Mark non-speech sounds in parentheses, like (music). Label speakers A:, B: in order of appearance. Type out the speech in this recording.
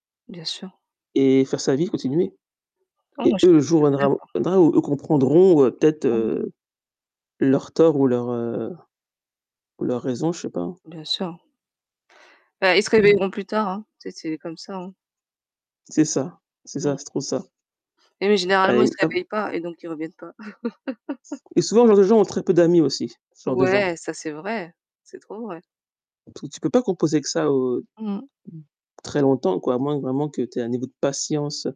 A: Bien sûr.
B: Et faire sa vie, continuer.
A: Oh, moi,
B: Et
A: je
B: eux,
A: suis
B: le
A: tout
B: jour
A: tout à fait
B: viendra ou
A: d'accord.
B: viendra où, eux comprendront ou heu, peut-être,
A: Mmh.
B: heu, leurs torts ou leurs, heu ou leurs raisons, je sais pas.
A: Bien sûr. Bah, ils se
B: Mmh mh.
A: réveilleront plus tard, hein. Tu sais, c'est comme ça, hein.
B: C'est ça. C'est ça,
A: Mmh.
B: c'est trop ça.
A: Et mais généralement, ils se
B: (unintelligible)
A: réveillent pas et donc ils reviennent pas. (laughs)
B: Et souvent, ce genre de gens ont très peu d'amis aussi, ce genre de gens.
A: Ouais, ça c'est vrai. C'est trop vrai.
B: T tu peux pas composer que ça au
A: Mmh mh.
B: mmh, très longtemps quoi, à moins vraiment que tu aies un niveau de patience